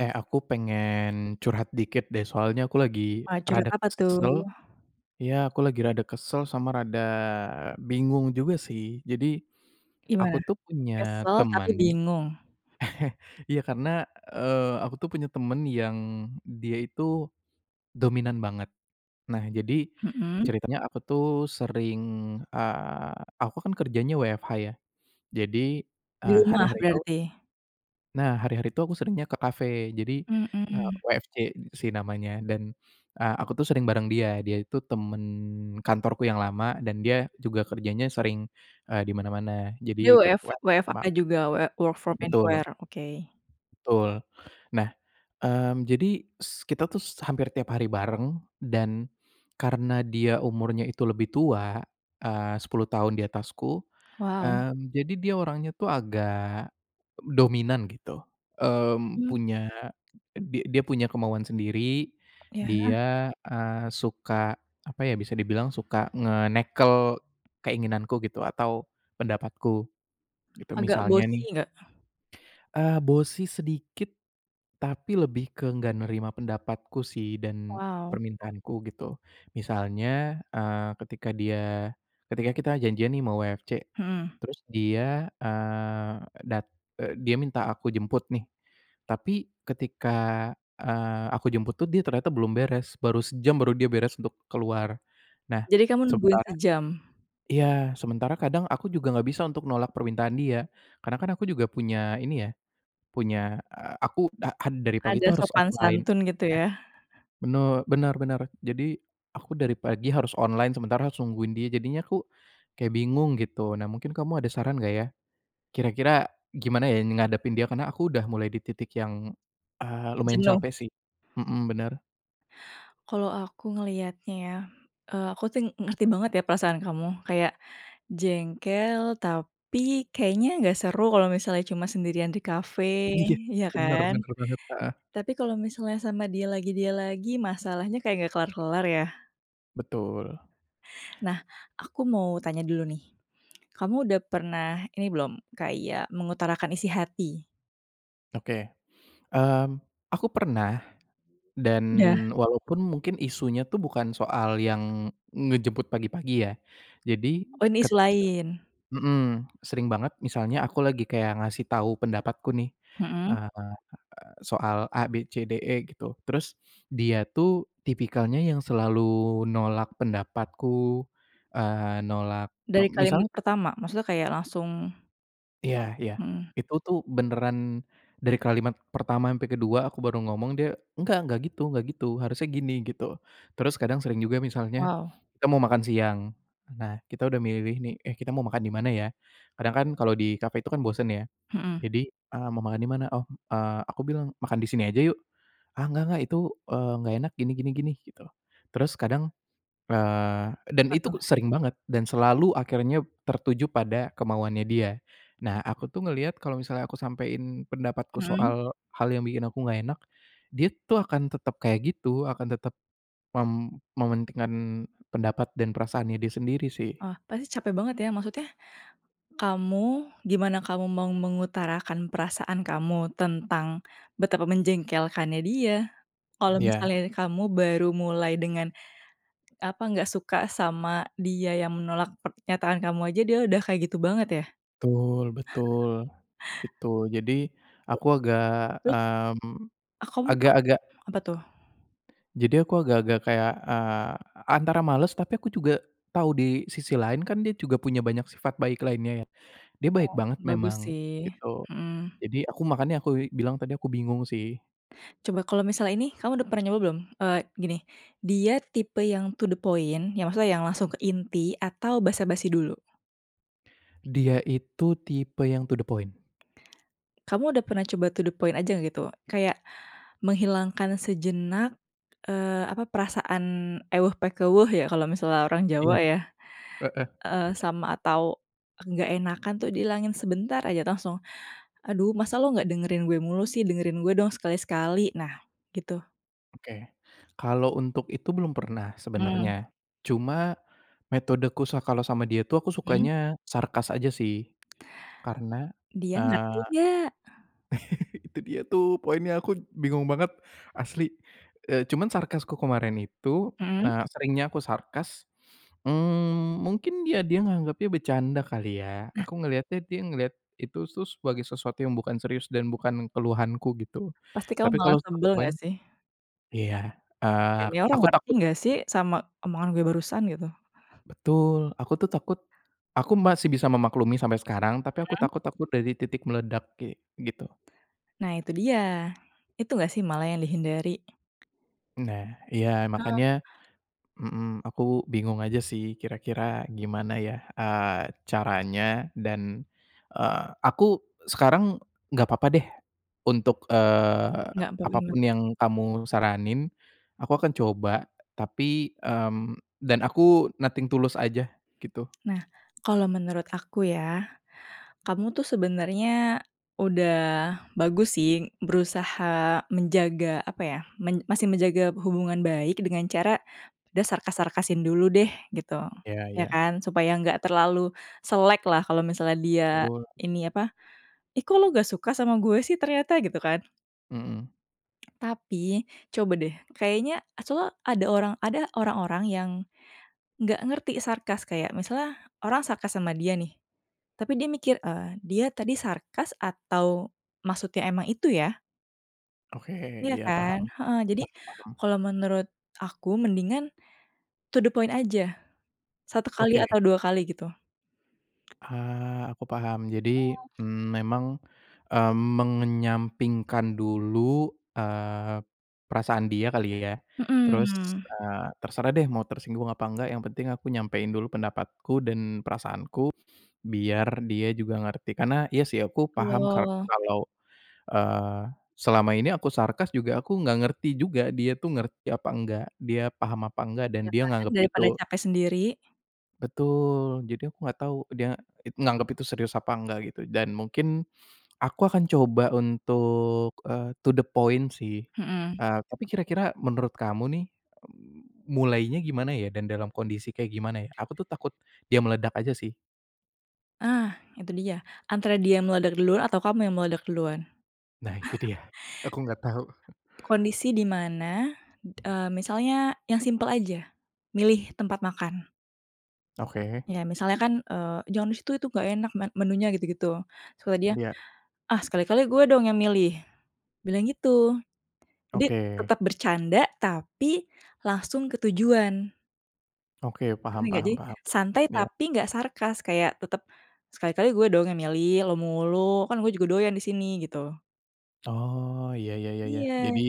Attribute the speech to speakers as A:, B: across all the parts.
A: Eh, aku pengen curhat dikit deh. Soalnya aku lagi
B: Wah, curhat
A: rada
B: apa
A: kesel.
B: tuh?
A: Iya, aku lagi rada kesel sama rada bingung juga sih. Jadi aku
B: Gimana?
A: tuh punya
B: Kesel tapi
A: teman,
B: bingung.
A: iya, karena, eee, aku tuh punya temen yang dia itu dominan banget. Nah, jadi
B: Heeh.
A: ceritanya aku tuh sering, eee, aku kan kerjanya WFH ya, jadi,
B: Di
A: eee,
B: rumah
A: hari-hari itu
B: berarti.
A: nah, hari-hari itu aku seringnya ke kafe, jadi, eee,
B: Mhm.
A: WFC sih namanya. Dan, eee, aku tuh sering bareng dia. Dia itu teman kantorku yang lama dan dia juga kerjanya sering, eee, di mana-mana, jadi
B: Dia
A: ikut
B: WF
A: WFC sama
B: WFA juga, WF work from
A: Betul.
B: anywhere. Oke.
A: Betul. Nah, mmm, jadi s kita tuh hampir tiap hari bareng dan karena dia umurnya itu lebih tua, eee, 10 tahun di atasku.
B: Wow.
A: Mmm, jadi dia orangnya tuh agak dominan, gitu, eee,
B: Mmm.
A: punya di dia punya kemauan sendiri,
B: Iya.
A: dia, eee, suka, apa ya, bisa dibilang suka ngenekel keinginanku gitu, atau pendapatku gitu,
B: Agak
A: misalnya nih,
B: bossy nggak?
A: eee, bossy sedikit, tapi lebih ke enggak nerima pendapatku sih dan
B: Wow.
A: permintaanku, gitu. Misalnya, eee, ketika dia ketika kita janjian nih sama WFC,
B: Heeh.
A: terus dia, eee, dat eee, dia minta aku jemput nih. Tapi ketika, eee, aku jemput tuh dia ternyata belum beres. Baru sejam, baru dia beres untuk keluar. Nah,
B: Jadi kamu nungguin
A: sementara
B: sejam?
A: iya, sementara kadang aku juga enggak bisa untuk nolak permintaan dia. Karena kan aku juga punya ini ya, punya, eee, aku da ad dari pagi
B: Ada
A: itu harus
B: sopan
A: offline.
B: santun, gitu, ya.
A: Bener bener bener. Jadi aku dari pagi harus online, sementara harus nungguin dia. Jadinya aku kayak bingung, gitu. Nah, mungkin kamu ada saran enggak ya, kira-kira gimana ya ngadepin dia? Karena aku udah mulai di titik yang, eee, lumayan
B: Jenuh.
A: capek sih. Mhm, bener.
B: Kalau aku ngelihatnya ya, eee, aku ting ngerti banget ya perasaan kamu kayak jengkel, tapi kayaknya nggak seru kalau misalnya cuma sendirian di kafe,
A: Iya.
B: iya
A: Bener
B: kan?
A: bener banget, Heeh.
B: Tapi kalau misalnya sama dia lagi dia lagi, masalahnya kayak nggak kelar-kelar, ya.
A: Betul.
B: Nah, aku mau tanya dulu nih, kamu udah pernah ini belum, kayak mengutarakan isi hati?
A: Oke, mmm, aku pernah dan
B: Udah.
A: walaupun mungkin isunya itu bukan soal yang ngejemput pagi-pagi ya. Jadi
B: Oh ini isu
A: ket
B: lain?
A: mhm, sering banget misalnya aku lagi kayak ngasih tahu pendapatku nih,
B: Mhm.
A: eee, soal ABCDE gitu, terus dia tuh tipikalnya yang selalu nolak pendapatku, eee, nolak, e
B: Dari
A: misal
B: kalimat pertama? Maksudnya kayak langsung
A: Iya, ya,
B: Mhm.
A: itu tuh beneran dari kalimat pertama sampai kedua aku baru ngomong dia, "Gak gak gitu gak gitu, harusnya gini." Gitu, terus kadang sering juga misalnya
B: Wow.
A: kita mau makan siang, nah kita udah milih nih, "Eh kita mau makan di mana ya?" Kadang kan kalau di cafe itu kan bosen ya.
B: Mhm.
A: Jadi eee, "Mau makan di mana?" Oh, eee aku bilang, "Makan di sini aja yuk!" "Ah enggak enggak, itu eee, enggak enak, gini gini gini." Gitu. Terus kadang, eee, dan
B: Apa
A: itu
B: tuh?
A: sering banget dan selalu akhirnya tertuju pada kemauannya dia. Nah aku tuh ngelihat kalau misalnya aku sampein pendapatku
B: Mhm.
A: soal hal yang bikin aku enggak enak, dia tuh akan tetap kayak gitu, akan tetap mem mementingkan pendapat dan perasaannya dia sendiri sih.
B: Oh, pasti capek banget ya, maksudnya kamu gimana kamu mau mengutarakan perasaan kamu tentang betapa menjengkelkannya dia. Kalau
A: Ya.
B: misalnya kamu baru mulai dengan apa, nggak suka sama dia yang menolak pernyataan kamu aja dia udah kayak gitu banget ya?
A: Tul, betul, gitu. Jadi aku agak,
B: Terus?
A: mmm,
B: Oh kamu ap
A: agak-agak
B: apa tuh?
A: jadi aku agak-agak kayak, eee, antara males tapi aku juga tahu di sisi lain kan dia juga punya banyak sifat baik lainnya ya. Dia baik
B: Oh
A: banget
B: bagus
A: memang
B: sih,
A: gitu.
B: mhm.
A: Jadi aku makanya aku i bilang tadi aku bingung sih.
B: Coba kalau misalnya ini, kamu udah pernah nyoba belum, eee, gini, dia tipe yang to the point yang maksudnya yang langsung ke inti atau basa-basi dulu?
A: Dia itu tipe yang to the point.
B: Kamu udah pernah coba to the point aja gitu kayak menghilangkan sejenak, eee, apa perasaan ewuh pakewuh ya kalau misalnya orang
A: Iya,
B: Jawa ya,
A: heeh.
B: eee, sama atau nggak enakan tuh dihilangin sebentar aja langsung. "Aduh, masa lu nggak dengerin gue mulu sih dengerin gue dong sekali-sekali." Nah gitu.
A: Oke, kalau untuk itu belum pernah
B: Hmm.
A: sebenarnya. Cuma, metodeku sa kalau sama dia tuh aku
B: Mmm.
A: sukanya sarkas aja sih. Karena,
B: Dia ngerti
A: eee,
B: nggak?
A: itu dia tuh poinnya, aku bingung banget, asli, eee, cuman sarkasku kemarin itu,
B: Mhm.
A: eee, seringnya aku sarkas, mmm, mungkin dia dia nganggapnya bercanda kali ya.
B: Nah.
A: Aku ngeliatnya dia ngelihat itu sus sebagai sesuatu yang bukan serius dan bukan keluhanku gitu.
B: Pasti kamu
A: Tapi kalau
B: malah
A: satu
B: sebel
A: poin
B: gak sih?
A: iya, eee
B: Ini orang
A: aku
B: ngerti
A: takut
B: nggak sih, sama omongan gue barusan gitu?
A: Betul, aku tuh takut aku masih bisa memaklumi sampai sekarang. Tapi aku
B: Mhm.
A: takut takut dari titik meledak kayak gitu.
B: Nah, itu dia, itu enggak sih malah yang dihindari?
A: Nah. Iya,
B: Heeh.
A: makanya mhm, aku bingung aja sih kira-kira gimana ya, eee, caranya? Dan, eee, aku sekarang enggak apa-apa deh untuk, eee,
B: Enggak, baru inget.
A: apapun yang kamu saranin, aku akan coba tapi, mmm, dan aku nothing to lose aja, gitu.
B: Nah, kalau menurut aku ya, kamu tuh sebenernya udah bagus sih berusaha menjaga, apa ya, men masih menjaga hubungan baik dengan cara udah sarkas-sarkasin dulu deh gitu,
A: Iya
B: ya
A: iya.
B: kan? Supaya nggak terlalu selek lah, kalau misalnya dia
A: Betul.
B: ini, apa, "Ih, kok lo nggak suka sama gue sih ternyata?" gitu kan.
A: Mhm.
B: Tapi coba deh, kayaknya soalnya ada orang, ada orang-orang yang nggak ngerti sarkas kayak misalnya orang sarkas sama dia nih, tapi dia mikir, eee, "Dia tadi sarkas atau maksudnya emang itu, ya?"
A: Oke.
B: Iya
A: Iya,
B: kan?
A: paham.
B: Heeh, jadi
A: Paham paham.
B: kalau menurut aku mendingan to the point aja, 1 kali
A: Oke.
B: atau 2 kali, gitu.
A: Eee, aku paham. Jadi,
B: Heeh.
A: mmm, memang, eee, mengenyampingkan dulu, eee, perasaan dia kali ya. Terus,
B: Mhm.
A: eee, terserah deh mau tersinggung apa enggak, yang penting aku nyampein dulu pendapatku dan perasaanku, biar dia juga ngerti. Karena iya sih aku paham karena
B: Betul.
A: kalau, eee, selama ini aku sarkas juga aku nggak ngerti juga, dia tuh ngerti apa enggak, dia paham apa enggak dan
B: Iya
A: dia
B: kan,
A: nganggep
B: daripada
A: itu
B: capek sendiri.
A: Betul. Jadi, aku enggak tahu dia it nganggep itu serius apa enggak, gitu. Dan, mungkin aku akan coba untuk, eee, to the point, sih.
B: Mhm.
A: Eee, tapi kira-kira menurut kamu nih, mmm, mulainya gimana, ya? Dan dalam kondisi kayak gimana, ya? Aku tuh takut dia meledak aja, sih.
B: Ah, itu dia! Antara dia yang meledak duluan, atau kamu yang meledak duluan.
A: Nah, itu dia. Aku enggak tahu.
B: Kondisi di mana, eee, misalnya yang simpel aja, milih tempat makan.
A: Oke.
B: Ya, misalnya kan, eee, "Jangan di situ, itu nggak enak men menunya." Gitu-gitu. Terus kata dia,
A: Iya.
B: "Ah, sekali-kali gue dong yang milih!" Bilang gitu. Jadi,
A: Oke.
B: tetep bercanda tapi langsung ke tujuan.
A: Oke,
B: Ngerti
A: paham
B: nggak?
A: paham
B: Jadi,
A: paham.
B: santai
A: Iya.
B: tapi nggak sarkas. Kayak tetep, "Sekali-kali gue dong yang milih, lu mulu, kan gue juga doyan di sini." Gitu.
A: Oh. Iya iya iya iya.
B: Iya.
A: Jadi,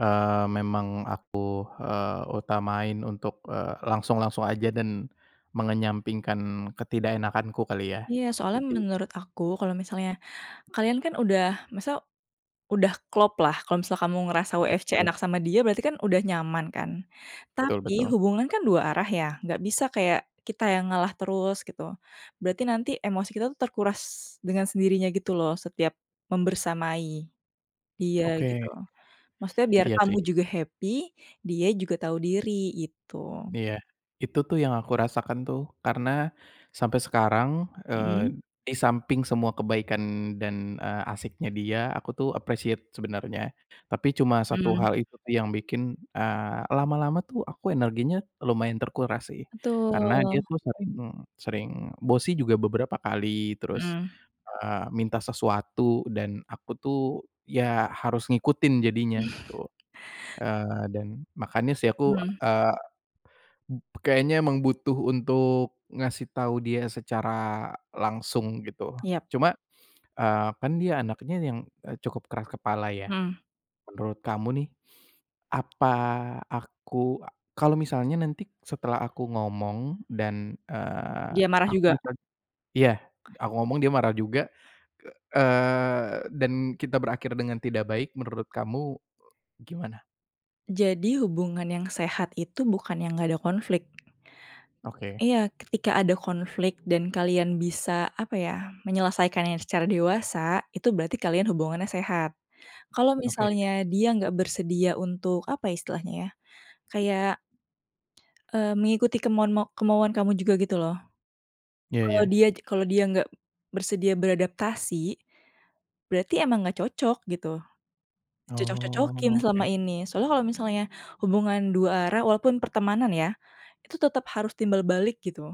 A: eee, memang aku, eee, utamain untuk, eee, langsung-langsung aja, dan mengenyampingkan ketidakenakanku kali, ya.
B: Iya. Soalnya
A: Jadi
B: menurut aku, kalo misalnya kalian kan udah, maksudnya, udah klop lah. Kalo misalnya kamu ngerasa
A: Iya,
B: WFC enak
A: betul.
B: sama dia, berarti kan udah nyaman, kan.
A: Betul
B: Tapi,
A: betul.
B: hubungan kan dua arah, ya? Nggak bisa kayak kita yang ngalah terus, gitu. Berarti nanti emosi kita itu terkuras dengan sendirinya gitu loh, setiap membersamai dia, gitu.
A: Oke.
B: Maksudnya biar
A: Iya,
B: kamu
A: sih.
B: juga happy, dia juga tahu diri, gitu.
A: Iya. Itu tuh yang aku rasakan tuh. Karena sampai sekarang,
B: Mhm.
A: eee, di samping semua kebaikan dan, eee, asyiknya dia, aku tuh appreciate sebenernya. Tapi, cuma satu
B: Mmm.
A: hal itu yang bikin, eee, lama-lama tuh aku energinya lumayan terkuras sih. Karena dia
B: Betul.
A: tuh sering sering bossy juga beberapa kali, terus,
B: Mhm.
A: eee, minta sesuatu, dan aku tuh, ya, harus ngikutin jadinya gitu. Eee, dan, makanya sih aku,
B: Mhm.
A: eee, m kayaknya emang butuh untuk ngasih tahu dia secara langsung, gitu.
B: Yap.
A: Cuma, eee, kan dia anaknya yang, eee, cukup keras kepala, ya.
B: Mhm.
A: Menurut kamu nih, apa aku kalo misalnya nanti setelah aku ngomong, dan, eee,
B: Dia marah
A: aku
B: juga?
A: jad iya, aku ngomong dia marah juga, eee, dan kita berakhir dengan tidak baik, menurut kamu, e gimana?
B: Jadi, hubungan yang sehat itu bukan yang nggak ada konflik.
A: Oke.
B: Iya, ketika ada konflik dan kalian bisa, apa ya, menyelesaikannya secara dewasa, itu berarti kalian hubungannya sehat. Kalau
A: Oke.
B: misalnya dia nggak bersedia untuk, apa ya istilahnya ya, kayak eee, mengikuti kemauan ma kemauan kamu juga gitu loh.
A: Iya
B: Kalau
A: iya.
B: dia kalau dia nggak bersedia beradaptasi, berarti emang nggak cocok, gitu.
A: Oh,
B: Dicocok-cocokin selama
A: oke.
B: ini. Soalnya kalau misalnya hubungan 2 arah walaupun pertemanan ya, itu tetap harus timbal balik, gitu.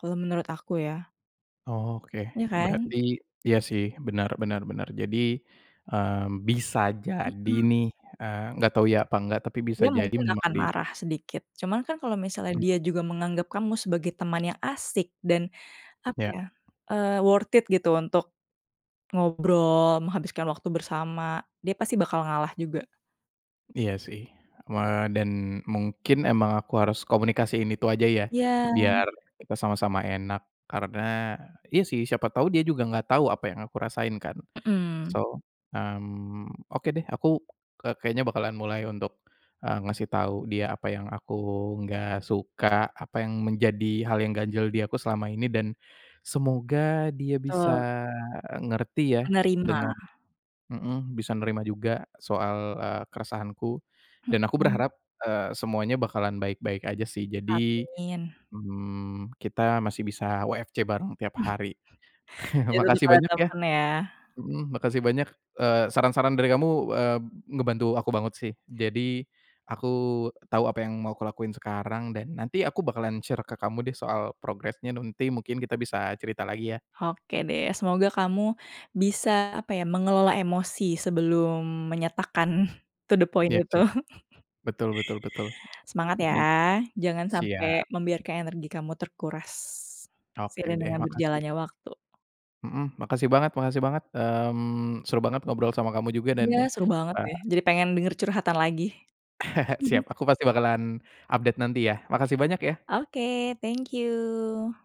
B: Kalau menurut aku ya.
A: Oh, oke.
B: Iya, kan?
A: Berarti iya, sih, bener bener bener. Jadi, eee, bisa jadi
B: Mhm.
A: nih eee, enggak tau iya apa enggak, tapi bisa
B: Dia
A: jadi
B: mungkin
A: memang
B: akan
A: di
B: marah sedikit. Cuman kan kalau misalnya
A: Hmm.
B: dia juga menganggap kamu sebagai teman yang asik, dan, apa
A: Iya.
B: ya, eee, worth it, gitu, untuk ngobrol, menghabiskan waktu bersama, dia pasti bakal ngalah juga.
A: Iya, sih, eee, dan, mungkin emang aku harus komunikasiin itu aja, ya?
B: Iya.
A: Biar kita sama-sama enak. Karena iya, sih, siapa tahu dia juga nggak tau apa yang aku rasain kan?
B: Mmm.
A: So, mmm, oke, deh, aku ke kayaknya bakalan mulai untuk, eee, ngasih tau dia apa yang aku nggak suka, apa yang menjadi hal yang ganjal di aku selama ini, dan semoga dia bisa
B: Betul.
A: eee, ngerti ya,
B: Menerima.
A: dengan mhm, bisa nerima juga soal, eee, keresahanku. Dan aku
B: Mhm.
A: berharap, eee, semuanya bakalan baik-baik aja sih. Jadi,
B: Amin.
A: mmm, kita masih bisa WFC bareng tiap hari.
B: Ya, tetep
A: Makasih
B: harus
A: banyak, ya?
B: temen, ya.
A: Mhm. Makasih banyak, eee, saran-saran dari kamu, eee, ngebantu aku banget sih. Jadi, aku tahu apa yang mau aku lakuin sekarang, dan nanti aku bakalan share ke kamu deh soal progresnya nanti mungkin kita bisa cerita lagi, ya?
B: Oke, deh. Semoga kamu bisa, apa ya, mengelola emosi sebelum menyatakan to the point
A: Iya,
B: itu.
A: sih. Betul betul betul.
B: Semangat, ya.
A: [unintelligible]
B: Jangan sampai
A: Siap.
B: membiarkan energi kamu terkuras.
A: Oke,
B: Seiring
A: deh.
B: dengan
A: Makasih.
B: berjalannya waktu.
A: Mhm. Makasih banget makasih banget. Mmm, seru banget ngobrol sama kamu juga, dan,
B: Iya, seru banget
A: eee
B: deh. Jadi pengen denger curhatan lagi.
A: Siap. Aku pasti bakalan update nanti, ya. Makasih banyak, ya!
B: Oke. Thank you.